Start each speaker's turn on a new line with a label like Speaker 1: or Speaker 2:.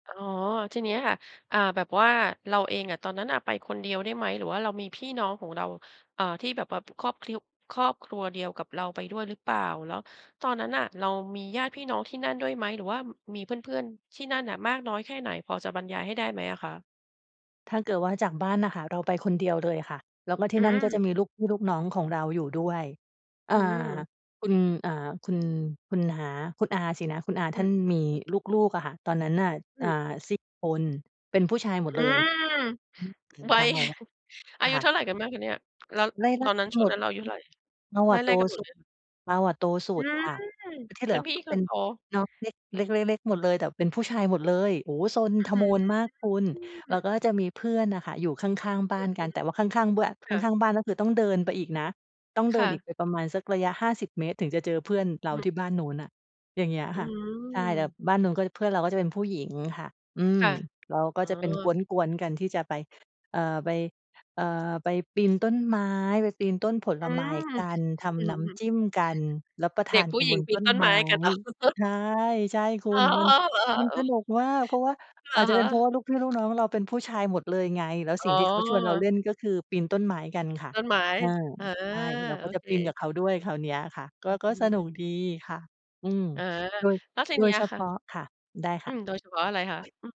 Speaker 1: อ๋อ ทีนี้ค่ะ อ่า แบบว่าเราเองอะตอนนั้นน่ะไปคนเดียวได้ไหม? หรือว่าเรามีพี่น้องของเรา เอ่อ ที่แบบ แบบครอบคริว ครอบครัวเดียวกับเราไปด้วยหรือเปล่า? แล้วตอนนั้นน่ะเรามีญาติพี่น้องที่นั่นด้วยไหม? หรือว่า ม มีเพื่อน ๆ ที่นั่นอะมากน้อยแค่ไหน พอจะบรรยายให้ได้ไหมอะคะ?
Speaker 2: ถ้าเกิดว่าจากบ้านน่ะค่ะ เราไปคนเดียวเลยค่ะ แล้วก็ท
Speaker 1: อ
Speaker 2: ี่
Speaker 1: ื
Speaker 2: นั่นก็จะ
Speaker 1: ม
Speaker 2: มีลูกพี่ลูกน้องของเราอยู่ด้วย อ
Speaker 1: อ
Speaker 2: ่
Speaker 1: ื
Speaker 2: า
Speaker 1: ม
Speaker 2: คุณ อ่า คุณ คุณน้า คุณอาสินะ คุณอา
Speaker 1: อ
Speaker 2: ท
Speaker 1: ื
Speaker 2: ่
Speaker 1: อ
Speaker 2: านมีลูก ๆ อะค่ะ ตอนนั้นน่ะ
Speaker 1: อ
Speaker 2: อ่า
Speaker 1: ือ
Speaker 2: 4 คน เป็นผู้ชายหม
Speaker 1: อ
Speaker 2: ด
Speaker 1: ื
Speaker 2: เลย
Speaker 1: ม
Speaker 2: อืม ถึง
Speaker 1: วั
Speaker 2: ตา
Speaker 1: ย
Speaker 2: อีกแล้ว
Speaker 1: อายุ
Speaker 2: ค่
Speaker 1: เ
Speaker 2: ะ
Speaker 1: ท่าไรกันบ้างคะเนี่ย? แล้ว
Speaker 2: ไล่ ๆ ก
Speaker 1: ตอนนั้น
Speaker 2: ัน
Speaker 1: ช่
Speaker 2: ห
Speaker 1: ว
Speaker 2: ม
Speaker 1: ง
Speaker 2: ด
Speaker 1: นั้นเราอายุเท่าไร?
Speaker 2: เรา
Speaker 1: ไ
Speaker 2: อะโ
Speaker 1: ล
Speaker 2: ต
Speaker 1: ่ ๆ กันหม
Speaker 2: ส
Speaker 1: ด
Speaker 2: ุ
Speaker 1: เล
Speaker 2: ด
Speaker 1: ยเหรอ?
Speaker 2: เราอะโตสุ
Speaker 1: อื
Speaker 2: ด
Speaker 1: ม
Speaker 2: ค่ะ ที่เ
Speaker 1: เ
Speaker 2: ห
Speaker 1: ป
Speaker 2: ลื
Speaker 1: ็น
Speaker 2: อ
Speaker 1: พี่
Speaker 2: ก็
Speaker 1: ค
Speaker 2: เป็
Speaker 1: น
Speaker 2: น
Speaker 1: โต
Speaker 2: น้องเล็ก เล็ก ๆ ๆ หมดเลย แต่เป็นผู้ชายหมดเลย โอ้โฮ ซน
Speaker 1: อือ
Speaker 2: ท
Speaker 1: ฮื
Speaker 2: โม
Speaker 1: อ
Speaker 2: นมากคุณ
Speaker 1: อื้
Speaker 2: แล้ว
Speaker 1: อ
Speaker 2: ก็จะมีเพื่อนอะค่ะ อยู่ข้าง ๆ บ
Speaker 1: อ
Speaker 2: ้
Speaker 1: ื
Speaker 2: า
Speaker 1: อ
Speaker 2: นกัน แต่ว่าข้าง ๆ เบื้อน
Speaker 1: ๆ ค่ะ
Speaker 2: ข้าง ๆ บ้านก็คือต้องเดินไปอีกนะ ต้องเ
Speaker 1: ค
Speaker 2: ดิ
Speaker 1: ่
Speaker 2: นอี
Speaker 1: ะ
Speaker 2: กไปประมาณสักระยะ 50 เมตรถึงจะเจอเพื่อนเร
Speaker 1: อ
Speaker 2: า
Speaker 1: ืม
Speaker 2: ที่บ้านนู้นน่ะ อย่างเงี้ย
Speaker 1: อื
Speaker 2: ค่ะ ใช่ แต่
Speaker 1: ม
Speaker 2: บ้านนู้น ก็เพื่อนเราก็จะเป็นผู้หญิงค่ะ อื
Speaker 1: ค
Speaker 2: ม
Speaker 1: ่ะ
Speaker 2: เราก็
Speaker 1: อ๋
Speaker 2: จะเป็นก
Speaker 1: อ
Speaker 2: ๊วน ๆ กันที่จะไป เอ่อ ไป เอ่อ ไปปีนต้นไม้ ไปปีนต้นผ
Speaker 1: อ
Speaker 2: ล
Speaker 1: ื
Speaker 2: ไม้
Speaker 1: ม
Speaker 2: กัน ท
Speaker 1: อื
Speaker 2: ำน
Speaker 1: อ
Speaker 2: ้
Speaker 1: ฮึ
Speaker 2: ำจิ้มกัน รับประท
Speaker 1: เด็
Speaker 2: า
Speaker 1: ก
Speaker 2: น
Speaker 1: ผู
Speaker 2: ก
Speaker 1: ้
Speaker 2: ัน
Speaker 1: หญ
Speaker 2: บ
Speaker 1: ิง
Speaker 2: น
Speaker 1: ปี
Speaker 2: ต
Speaker 1: น
Speaker 2: ้น
Speaker 1: ต้น
Speaker 2: ไ
Speaker 1: ไ
Speaker 2: ม
Speaker 1: ม
Speaker 2: ้
Speaker 1: ้กัน เหรอ?
Speaker 2: ใช่ ใช่คุ
Speaker 1: อ๋อ
Speaker 2: ณ มัน
Speaker 1: เหรอ?
Speaker 2: มัน
Speaker 1: โอ
Speaker 2: ส
Speaker 1: ้
Speaker 2: นุกมาก เพราะว่า
Speaker 1: อ
Speaker 2: อ
Speaker 1: ะ
Speaker 2: าจจะ
Speaker 1: ฮ
Speaker 2: เป็นเพรา
Speaker 1: ะ
Speaker 2: ะว่า ลูกพี่ลูกน้องเราเป็นผู้ชายหมดเลยไง แล้ว
Speaker 1: อ๋
Speaker 2: สิ่
Speaker 1: อ
Speaker 2: งที่เขาชวนเราเล่น ก็คือปีนต้นไม้กันค่ะ
Speaker 1: ต้นไม้
Speaker 2: อา
Speaker 1: เออ
Speaker 2: ใช่ เรา
Speaker 1: โ
Speaker 2: ก
Speaker 1: อ
Speaker 2: ็จะ
Speaker 1: เค
Speaker 2: ปีนกับเขาด้วยคราวเนี้ยค่ะ ก
Speaker 1: อ
Speaker 2: ็
Speaker 1: ือ
Speaker 2: ก
Speaker 1: ฮ
Speaker 2: ็สนุ
Speaker 1: ึ
Speaker 2: กดีค่ะ อืม
Speaker 1: เออ
Speaker 2: โดย
Speaker 1: แล้วที
Speaker 2: โด
Speaker 1: นี้
Speaker 2: ย
Speaker 1: อ
Speaker 2: เฉ
Speaker 1: ะค
Speaker 2: พ
Speaker 1: ่ะ
Speaker 2: าะ ค่ะ ได้
Speaker 1: อ
Speaker 2: ค
Speaker 1: ื
Speaker 2: ่
Speaker 1: ม โดย
Speaker 2: ะ
Speaker 1: เฉพาะอะไรคะ? อืม